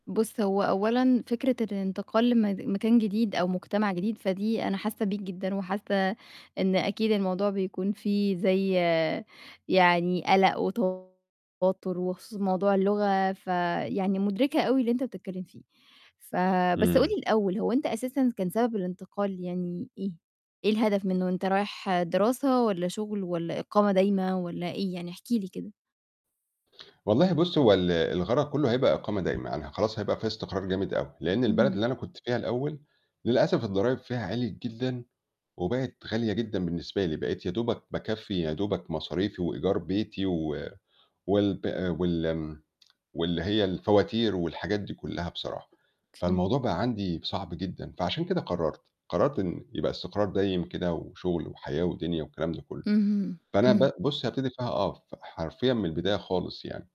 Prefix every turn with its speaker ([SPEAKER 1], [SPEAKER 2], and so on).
[SPEAKER 1] بُص، هو أولًا فكرة الإنتقال لمد مكان جديد أو مجتمع جديد، فدي أنا حاسّة بيك جدًا، وحاسّة إن أكيد الموضوع بيكون فيه زي يعني قلق وتوتّر وخصوصًا موضوع اللغة فيعني مُدركة أو اللي أنت بتتكلّم فيه، ف بس قُل لي
[SPEAKER 2] إمم.
[SPEAKER 1] الأوّل هو أنت أساسًا كان سبب الإنتقال يعني إيه؟ إيه الهدف منّه أنت رايح دراسة والّا شُغل والّا إقامة دايمة والّا إيه؟ يعني احكِ لي كده.
[SPEAKER 2] والله بُصّي هو ال الغرض كلّه هيبقى إقامة دايمة، أنا ه خلاص هيبقى في استقرار جامد أوي، لإن البلد
[SPEAKER 1] اهم.
[SPEAKER 2] اللي أنا كنت فيها الأوّل للأسف الضرايب فيها عِليت جدًا وبقت غالية جدًا بالنسبة لي، بقيت يا دوبَك باكفّي يا دوبَك مصاريفي وإيجار بيتي، و والب وال واللي هي الفواتير والحاجات دي كلّها بصراحة.
[SPEAKER 1] أوكي.
[SPEAKER 2] فالموضوع بقى عندي صعب جدًا، فعشان كده قرّرت، قرّرت إن يبقى استقرار دايم كده وشُغل وحياة ودنيا والكلام ده كلّه.
[SPEAKER 1] أهم،
[SPEAKER 2] فأنا ب
[SPEAKER 1] إمم.
[SPEAKER 2] بُصّي هابتدي فيها آه، ف حرفيًا من البداية خالص يعني.